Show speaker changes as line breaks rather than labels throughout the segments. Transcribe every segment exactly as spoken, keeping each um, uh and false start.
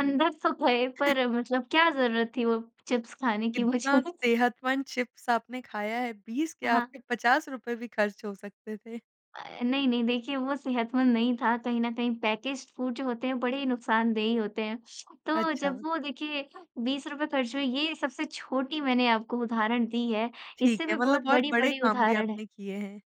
अंदर तो थए पर मतलब क्या जरूरत थी वो चिप्स खाने की मुझे?
कितना सेहतमंद चिप्स आपने खाया है, बीस क्या
हाँ।
आपके पचास रुपये भी खर्च हो सकते थे।
अ, नहीं, नहीं। देखिए वो सेहतमंद नहीं था। कहीं न कहीं पैकेज्ड फूड जो होते हैं बड़े ही नुकसानदेही होते हैं। तो जब
अच्छा।
वो देखिए बीस रुपये खर्च हुए ये सबसे छोटी मैंने आपको उदाहरण दी है।
ठीक
इससे
है
भी बहुत
मतलब और बड़े
बड़ी-बड़ी
काम भी
उदाहरण है।
आपने किए हैं।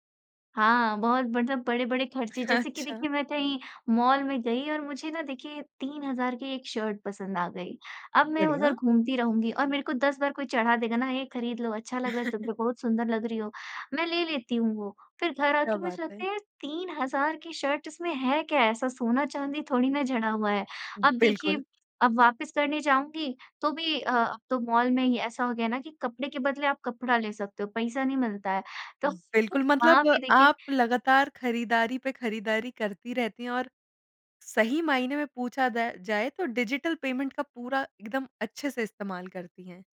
हाँ, बहुत मतलब बड़े-बड़े खर्चे जैसे कि देखिए
अच्छा।
मैं कहीं मॉल में गई और मुझे ना देखिए तीन हज़ार की एक शर्ट पसंद आ गई। अब मैं उधर
बढ़िया।
घूमती रहूँगी और मेरे को दस बार कोई चढ़ा देगा ना ये खरीद लो, अच्छा लग रहा है तुम पे, बहुत सुंदर लग रही हो। मैं ले लेती हूँ वो। फिर घर आ
क्या
के
बात
मुझे
है!
लगता है यार तीन हज़ार की शर्ट इसमें है क्या? ऐसा सोना-चांदी थोड़ी ना जड़ा हुआ है। अब
बिल्कुल।
देखिए अब वापस करने जाऊँगी तो भी अ, अब तो मॉल में ही ऐसा हो गया ना कि कपड़े के बदले आप कपड़ा ले सकते हो, पईसा नहीं मिलता है। तो फ वो
बिल्कुल।
वहाँ
मतलब
भी देखिए
आप लगातार ख़रीदारी पे ख़रीदारी करती रहती हैं और सही मायने में पूछा जा जाए तो डिजिटल पेमेंट का पूरा एकदम अच्छे से इस्तेमाल करती हैं।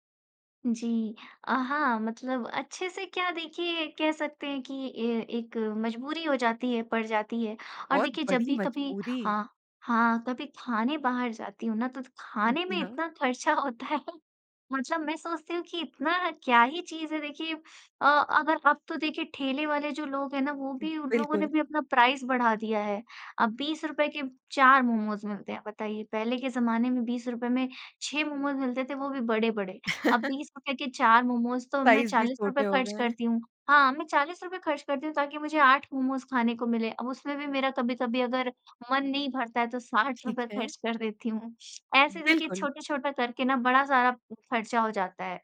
जी। अ, हाँ, मतलब अच्छे से क्या देखिए कह सकते हैं कि ये एक मजबूरी हो जाती है, पड़ जाती है। और
बहुत
देखिए जब
बड़ी
भी कभी
मजबूरी।
हाँ। हाँ। कभी खाने बाहर जाती हूँ ना तो खाने
जी
में
हाँ।
इतना खर्चा होता है। मतलब मैं सोचती हूँ कि इतना क्या ही चीज़ है? देखिए अ, अगर अब तो देखिए ठेले वाले जो लोग हैं ना वो भी उन लोगों ने
बिल्कुल।
भी अपना प्राइस बढ़ा दिया है। अब बीस रुपये के चार मोमोज़ मिलते हैं बताइए। पहले के जमाने में बीस रुपये में छः मोमोज़ मिलते थे वो भी बड़े-बड़े। अब बीस रुपये के चार मोमोज़ तो मैं
साइज़ भी
चालीस रुपये
छोटे हो
खर्च
गए हैं।
करती हूँ। हाँ, मैं चालीस रुपये खर्च करती हूँ ताकि मुझे आठ मोमोज़ खाने को मिलें। अब उसमें भी मेरा कभी-कभी अगर मन नहीं भरता है तो साठ
ठीक
रुपये
है।
खर्च कर देती हूँ। ऐसे देखिए
बिल्कुल।
छोटे-छोटे करके ना बड़ा सारा खर्चा हो जाता है।